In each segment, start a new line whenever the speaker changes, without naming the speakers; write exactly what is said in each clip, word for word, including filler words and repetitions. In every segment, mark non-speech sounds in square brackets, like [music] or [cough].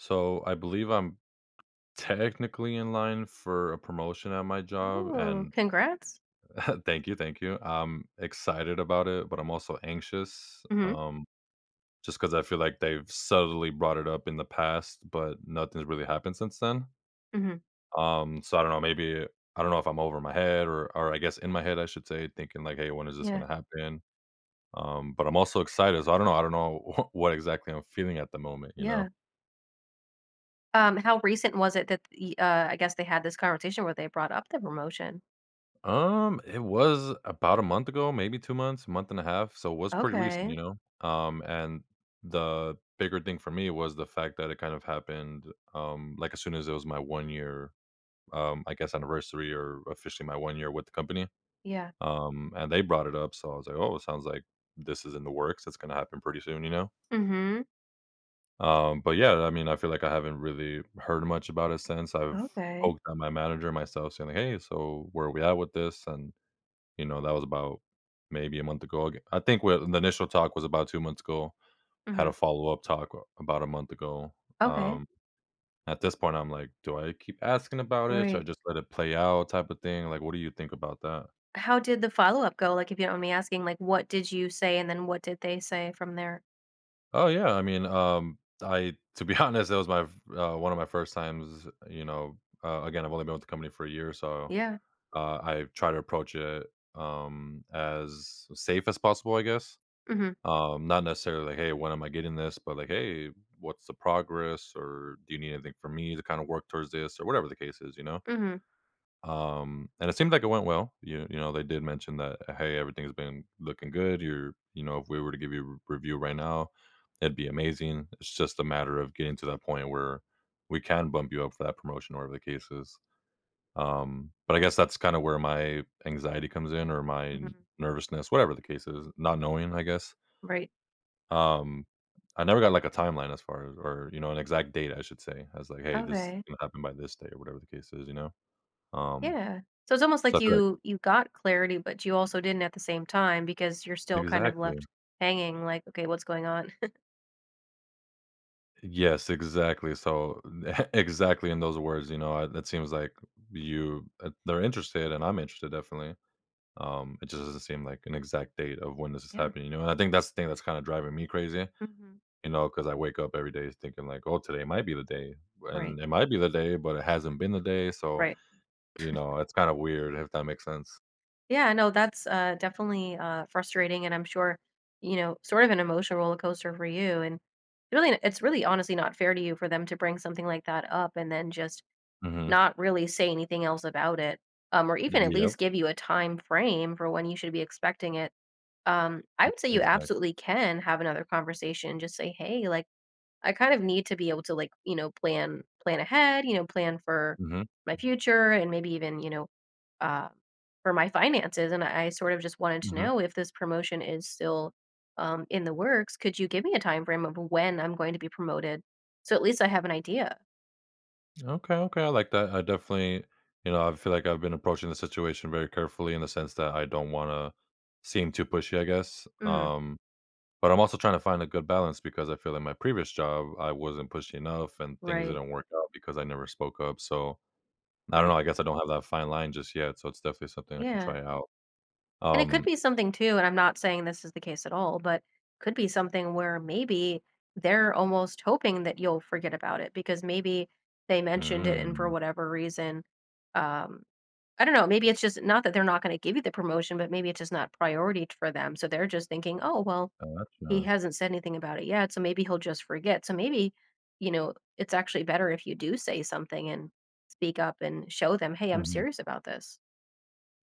So I believe I'm technically in line for a promotion at my job,
Ooh,
and
congrats.
Thank you. Thank you. I'm excited about it, but I'm also anxious,
Mhm.
um, just 'cause I feel like they've subtly brought it up in the past, but nothing's really happened since then
Mhm.
um, so I don't know, maybe I don't know if I'm over my head or or I guess, in my head, I should say, thinking like, hey, when is this
Yeah.
gonna happen? Um, but I'm also excited. So I don't know I don't know [chuckles] what exactly I'm feeling at the moment, you
Yeah.
know?
Um, how recent was it that e uh, I guess, they had this conversation where they brought up the promotion?
Um, it was about a month ago, maybe two months, month and a half. So, it was pretty recent,
Okay.
you know? Um, and the bigger thing for me was the fact that it kind of happened, um, like, as soon as it was my one year, um, I guess, anniversary or officially my one year with the company,
Yeah.
um, and they brought it up. So, I was like, oh, it sounds like this is in the works. It's gonna happen pretty soon, you know?
Mhm.
Um, but, yeah, I mean, I feel like I haven't really heard much about it since. I've
Okay.
poked on my manager and myself saying, "Hey. So, where are we at with this?" And, you know, that was about maybe a month ago, ag I think well, in the initial talk was about two months ago. Had
Mhm.
a follow-up talk w about a month ago,
Okay.
um, at this point, I'm like, do I keep asking about it? Should I
Right.
just let it play out type of thing? Like, what do you think about that?
How did the follow-up go? Like, if you don't mind me asking, like, what did you say, and then what did they say from there?
Oh, yeah. I mean, um, I to be honest, that was my f uh, one of my first times, you know, uh again, I've only been with the company for a year, so,
Yeah.
uh, I've tried to approach it, um, as safe as possible, I guess.
Mhm.
Um, not necessarily, "Hey, when am I getting this?" But, like, "Hey, what's the progress? Or do you need anything from me to kinda work towards this," or whatever the case is, you know?
Mhm.
Um, and it seemed like it went well. You you know, they did mention that, "Hey, everything's been looking good. You're you know, if we were to give you a r review right now, it'd be amazing. It's just a matter of getting to that point where we can bump you up for that promotion," or whatever the case is. Um, but I guess that's kinda where my anxiety comes in or my
Mhm.
nervousness, whatever the case is, not knowing, I guess.
Right.
Um, I never got, like, a timeline as far as or, you know, an exact date, I should say. I was like, Hey, this
Okay.
happened by this day," or whatever the case is, you know? Um,
Yeah. So it's almost
so
like
I feel like
you you got clarity, but you also didn't at the same time because you're still kind of
Exactly.
left hanging like, "Okay, what's going on?" [chuckles]
Yes, exactly. So the exactly in those words, you know? I it seems like you at they're interested, and I'm interested definitely, um, it just doesn't seem like an exact date of when this is
Yeah.
happening, you know? And I think that's the thing that's kinda driving me crazy,
Mhm.
you know, 'cause I wake up every day thinking like, "Oh, today might be the day,
Right.
and it might be the day, but it hasn't been the day so,
Right.
you
[chuckles]
know, it's kinda weird, if that makes sense.
Yeah, no. That's, uh, definitely, uh, frustrating, and I'm sure, you know, sort of an emotional roller coaster for you, and really n it's really honestly not fair to you for them to bring something like that up and then just
Mhm.
not really say anything else about it, um, or even at
Yep.
least give you a time frame for when you should be expecting it. Um, I
E
would say you
exact
absolutely can have another conversation, just say, "Hey," like, "I kind of need to be able to, like, you know, plan plan ahead, you know, plan for
Mhm.
my future and maybe even, you know, uh, for my finances, and I I sort of just wanted to
Mhm.
know if this promotion is still, um, in the works. Could you give me a time frame of when I'm going to be promoted so at least I have an idea?
Okay, okay, I like that. I definitely you know, I feel like I've been approaching the situation very carefully in the sense that I don't wanna seem too pushy, I guess.
Mhm.
Um, but I'm also trying to find a good balance because I feel in my previous job, I wasn't pushy enough and things
Right.
didn't work out because I never spoke up. So, I don't
Right.
know, I guess I don't have that fine line just yet, so it's definitely something I can
Yeah.
try out.
And it could
Um
be something too, and I'm not saying this is the case at all, but could be something where maybe they're almost hoping that you'll forget about it because maybe they mentioned it and for
Mm.
whatever reason, um, I don't know. Maybe it's just not that they're not gonna give you the promotion, but maybe it's just not priority for them. So they're just thinking, "Oh, well, he
Gotcha.
hasn't said anything about it yet, so maybe he'll just forget." So maybe, you know, it's actually better if you do say something and speak up and show them, "Hey, I'm
Mhm.
serious about this."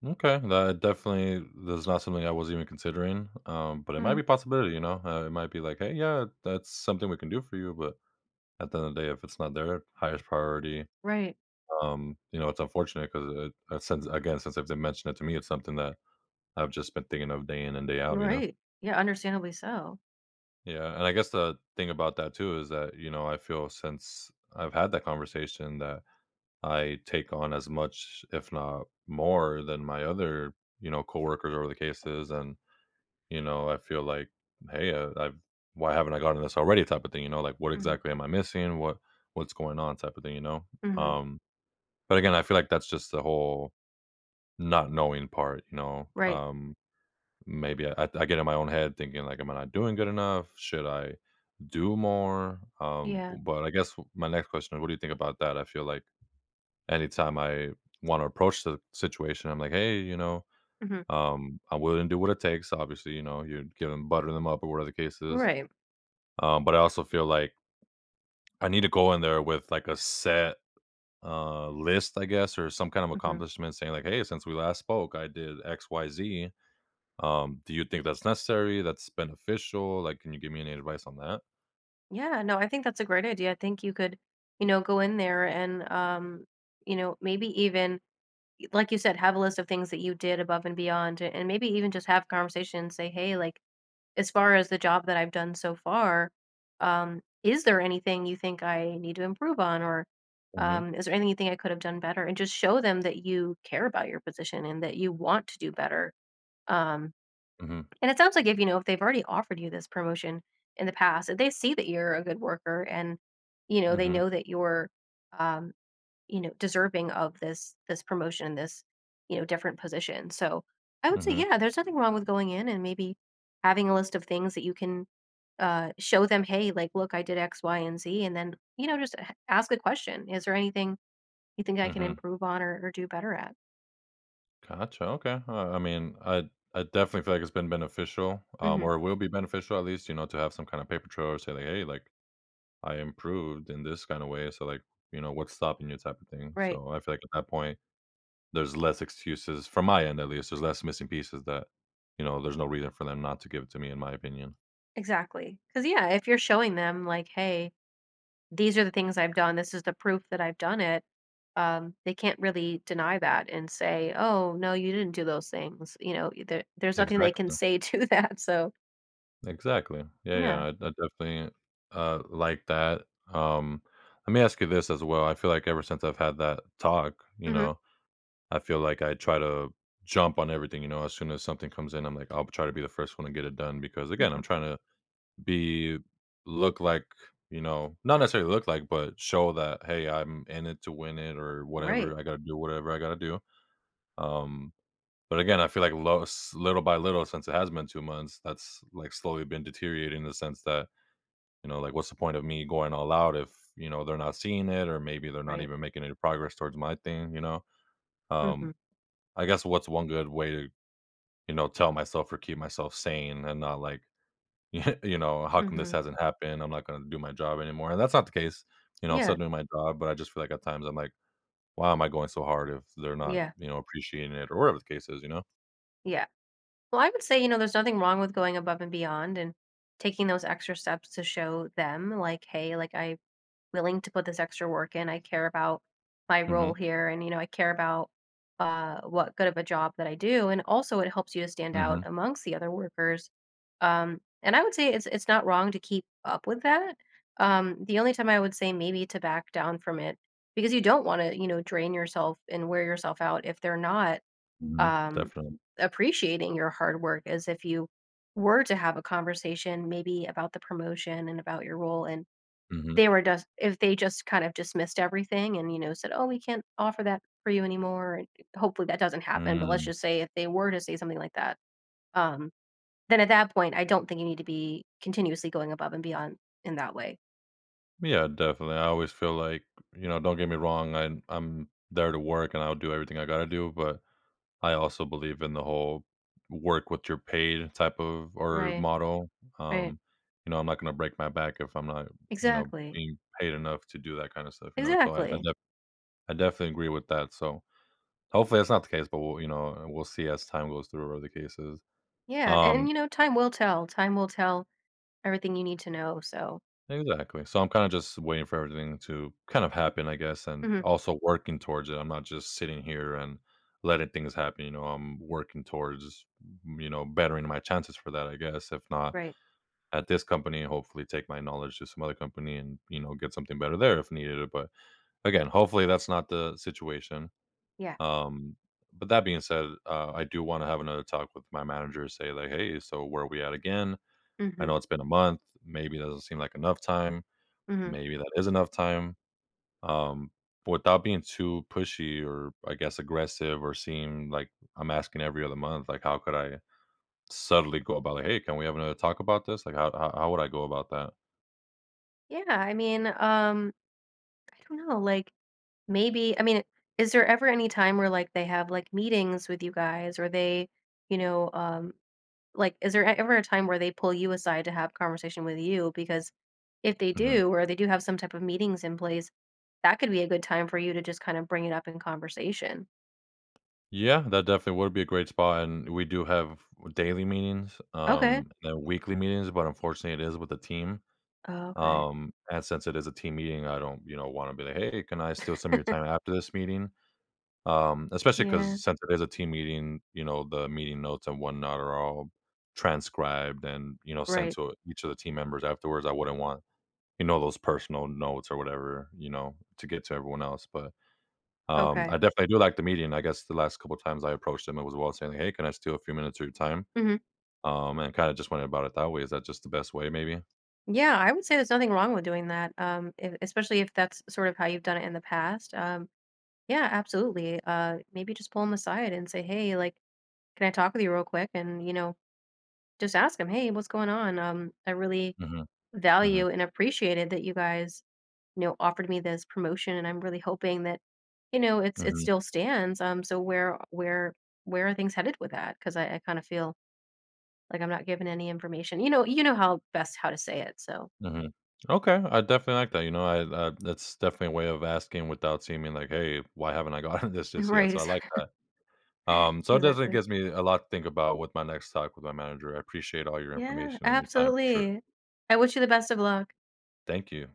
Okay. That definitely that's not something I was even considering, um, but it might
Mhm.
be a possibility, you know? It might be like, "Hey, yeah, that's something we can do for you." But at the end of the day, if it's not there, highest priority,
Right.
um, you know, it's unfortunate 'cause, eh, since again, since they've mentioned it to me, it's something that I've just been thinking of day in and day out, you know?
Right. Yeah, understandably so.
Yeah. And I guess the thing about that too is that, you know, I feel since I've had that conversation that I take on as much, if not more, than my other, you know, coworker over the cases. And, you know, I feel like, hey, I I've why haven't I gotten this already type of thing, you know? Like, what
Mhm.
exactly am I missing? What what's going on type of thing, you know?
Mhm.
Um But, again, I feel like that's just the whole not knowing part, you know?
Right.
Um, maybe I I get in my own head thinking, like, "Am I not doing good enough? Should I do more?" Um,
Yeah.
bu but I guess my next question, what do you think about that? I feel like anytime I wanna approach the situation, I'm like, "Hey. You know,
Mhm.
um, I'm willing to do what it takes." Obviously, you know, you'd give them butter them up or whatever the case is.
Right.
Um, but I also feel like I need to go in there with, like, a set, uh, list, I guess, or some kind of
Mhm.
accomplishment saying like, "Hey. Since we last spoke, I did X Y Z." Um, do you think that's necessary? That's beneficial? Like, can you give me any advice on that?
Yeah. No, I think that's a great idea. I think you could, you know, go in there and, um, you know, maybe even y like, you said, have a list of things that you did above and beyond, and maybe even just have conversations, say, "Hey, like, as far as the job that I've done so far, um, is there anything you think I need to improve on, or,
Mhm.
um, is there anything I could have done better?" And just show them that you care about your position and that you want to do better, um,
Mhm.
and it sounds like if you know, if they've already offered you this promotion in the past, if they see that you're a good worker and, you know, they
Mhm.
know that you're, um, you know, deserving of this this promotion, this, you know, different position, so, I would say,
Mhm.
yeah, there's nothing wrong with going in and maybe having a list of things that you can, uh, show them, "Hey, like, look. I did x, y, and z." And then, you know, just a ask a question. "Is there anything you think I can
Mhm.
improve on or or do better at?"
Gotcha. Okay, well, I mean, I I definitely feel like it's been beneficial, um,
Mhm.
or it will be beneficial at least, you know, to have some kinda paper trail or say, like, "Hey, like, I improved in this kinda way, so, like" you know, what's stopping you type of thing.
Right.
So I feel like at that point, there's less excuses from my end, at least. There's less missing pieces that, you know, there's no reason for them not to give it to me in my opinion.
Exactly. 'Cause, yeah, if you're showing them, like, "Hey, these are the things I've done, this is the proof that I've done it." Um, they can't really deny that and say, "Oh, no, you didn't do those things." You know? Y there there's nothing they can
Exactly.
say to that. So
Exactly. Yeah, yeah,
Yeah.
I I definitely, uh, like that. Um, let me ask you this as well; I feel like ever since I've had that talk, you
Mhm.
know, I feel like I try to jump on everything, you know? As soon as something comes in, I'm like, I'll try to be the first one to get it done because, again,
Mhm.
I'm trying to be look like you know? Not necessarily look like, but show that, "Hey, I'm in it to win it or
Right.
whatever. I gotta do whatever I gotta do." Um, but, again, I feel like lo s little by little since it has been two months, that's, like, slowly been deteriorating in the sense that, you know, like, what's the point of me going all out if, you know, they're not seeing it or maybe they're not
Right.
even making any progress towards my thing, you know? Um,
Mhm.
I guess what's one good way to, you know, tell myself or keep myself sane and not, like, [chuckles] you know how come this
Mhm.
hasn't happened? I'm not gonna do my job anymore. And that's not the case, you know, I'm still
Yeah.
doing my job. But I just feel like at times I'm like, "Why am I going so hard if they're not,
Yeah.
you know, appreciating it," or whatever the case is, you know?
Yeah. Well, I would say, you know, there's nothing wrong with going above and beyond and taking those extra steps to show them, like, "Hey. Like, I'm willing to put this extra work in. I care about my role
Mhm.
here, and, you know, I care about, uh, what good of a job that I do." And, also, it helps you to stand out
Mhm.
amongst the other workers. Um, and I would say it's it's not wrong to keep up with that. Um, the only time I would say maybe to back down from it because you don't wanna, you know, drain yourself and wear yourself out if they're not,
Mhm.
um,
Definitely.
appreciating your hard work as if you were to have a conversation maybe about the promotion and about your role and
Mhm.
they were dust if they just kind of dismissed everything and, you know, said, "Oh, we can't offer that for you anymore. Hopefully, that doesn't happen. But let's
Mm.
just say if they were to say something like that, um, then at that point, I don't think you need to be continuously going above and beyond in that way.
Yeah. Definitely. I always feel like you know, don't get me wrong. I'm I'm there to work, and I'll do everything I gotta do. But I also believe in the whole work what your paid type of or
Right.
model.
Right.
Um, you know, I'm not gonna break my back if I'm not, you know,
Exactly.
being paid enough to do that kinda stuff, you know, so I I
Exactly.
def I definitely agree with that. So hopefully, that's not the case, but we'll, you know, we'll see as time goes through whether the case is.
Yeah. And,
Um
you know, time will tell. Time will tell everything you need to know. So
Exactly. So I'm kinda just waiting for everything to kind of happen, I guess, and
Mhm.
also working towards it. I'm not just sitting here and letting things happen, you know? I'm working towards, you know, bettering my chances for that, I guess. If not,
Right.
at this company, hopefully, take my knowledge to some other company and, you know, get something better there if needed. But, again, hopefully, that's not the situation.
Yeah.
Um, but that being said, uh, I do wanna have another talk with my manager and say, like, "Hey. So, where are we at again? I
Mhm.
know it's been a month. Maybe it doesn't seem like enough time.
Mhm.
Maybe that is enough time." Um, without being too pushy or, I guess, aggressive or seem, like, I'm asking every other month, like, how could I suddenly go about it? Like, "Hey. Can we have another talk about this?" Like, how how how would I go about that?
Yeah. I mean, um, I don't know. Like, maybe I mean, is there ever any time where, like, they have, like, meetings with you guys or they, you know, um, like, is there a ever a time where they pull you aside to have conversation with you? Because if they
Mhm.
do or they do have some type of meetings in place, that could be a good time for you to just kind of bring it up in conversation.
Yeah. That definitely would be a great spot. And we do have daily meetings,
Okay.
um, and weekly meetings, but, unfortunately, it is with the team.
Oh, okay.
Um, and since it is a team meeting, I don't, you know, wanna be like, "Hey, can I steal some of your
[chuckles]
time after this meeting?" Um, especially 'cause
Yeah.
since it is a team meeting, you know, the meeting notes and whatnot are all transcribed and, you know, sent
Right.
to each of the team members afterwards. I wouldn't want, you know, those personal notes or whatever, you know, to get to everyone else, but, um,
Okay.
I definitely do like the meeting. I guess the last couple times I approached him, it was while saying, "Hey, can I steal a few minutes of your time?"
Mhm.
Um, and kinda just went about it that way. Is that just the best way maybe?
Yeah. I would say there's nothing wrong with doing that, um, e especially if that's sort of how you've done it in the past. Um, yeah, absolutely. Uh, maybe just pull him aside and say, "Hey, like, can I talk with you real quick?" And, you know, just ask him, "Hey, what's going on? Um, I really
Mhm.
value
Mhm.
and appreciated that you guys, you know, offered me this promotion, and I'm really hoping that, you know, it s it
Mhm.
still stands. Um, so where where where are things headed with that? 'Cause I I kinda feel, like, I'm not given any information." You know you know how best how to say it. So
Mhm. Okay, I definitely like that. You know, I that uh, that's definitely a way of asking without seeming, like, "Hey, why haven't I gotten this just yet?" So, I
Right.
like that.
[chuckles]
Um, so it definitely
Exactly.
gives me a lot to think about with my next talk with my manager. I appreciate all your
Yeah.
information and your time for sure.
Absolutely. I wish you the best of luck.
Thank you.